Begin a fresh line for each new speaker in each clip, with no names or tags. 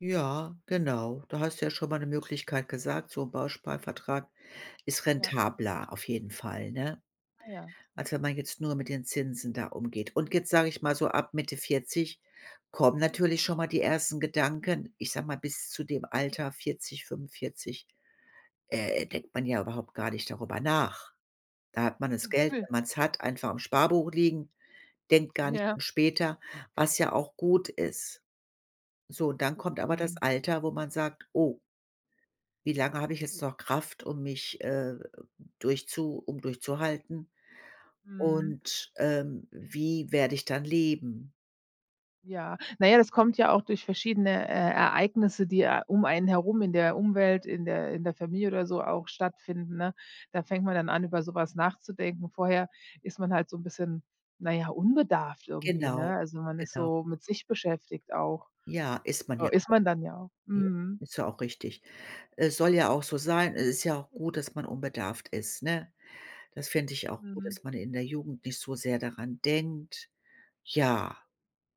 Ja, genau. Da hast du ja schon mal 'ne Möglichkeit gesagt, so 'n Bausparvertrag ist
Ja.
rentabler auf jeden Fall, ne?
Ah, ja.
Als wenn man jetzt nur mit den Zinsen da umgeht. Und jetzt sage ich mal so ab Mitte 40 kommen natürlich schon mal die ersten Gedanken, ich sage mal, bis zu dem Alter 40, 45, äh, denkt man ja überhaupt gar nicht darüber nach. Da hat man das
Hm,
Geld,
ne.
wenn man's hat, einfach im Sparbuch liegen, denkt gar nicht
Ja.
später, was ja auch gut ist. So, dann kommt aber das
Mhm.
Alter, wo man sagt: „Oh, wie lange habe ich jetzt noch Kraft, um mich, äh, durchzu um durchzuhalten
Mhm.
und, ähm, wie werde ich dann leben?“
Ja. Na ja, das kommt ja auch durch verschiedene, äh, Ereignisse, die, äh, um einen herum in der Umwelt, in der in der Familie oder so auch stattfinden, ne? Da fängt man dann an, über so etwas nachzudenken, vorher ist man halt so 'n bisschen, na ja, unbedarft irgendwie,
Genau,
ne, also, man ist
genau.
so mit sich beschäftigt auch.
Ja, ist man ja
Äh, ist
auch.
man dann ja auch.
Ja.
Mhm.
Ist ja auch richtig. Es soll ja auch so sein, es ist ja auch gut, dass man unbedarft ist, ne? Das finde ich auch gut,
Mhm.
dass man in der Jugend nicht so sehr daran denkt. Ja,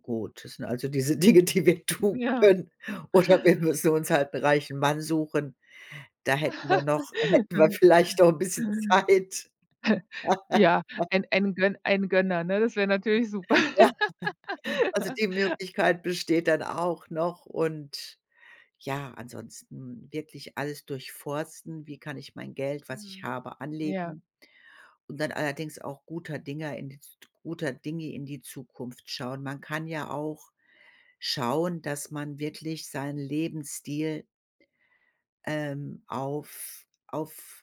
gut, das sind also, diese Dinge, die wir tun
Ja.
können. Oder wir müssen uns halt 'n reichen Mann suchen, da hätten wir noch hätten wir
Ja,
vielleicht noch 'n
[unintelligible]
bisschen Zeit.
Ja, ein ein Gön ein Gönner, ne, das wäre natürlich super.
Also, die Möglichkeit besteht dann auch noch und, ja, ansonsten wirklich alles durchforsten, wie kann ich mein Geld, was ich
Mhm.
habe,
Ja.
anlegen und dann allerdings auch guter Dinge in die Z guter Dinge in die Zukunft schauen. Man kann ja auch schauen, dass man wirklich seinen Lebensstil ähm, auf auf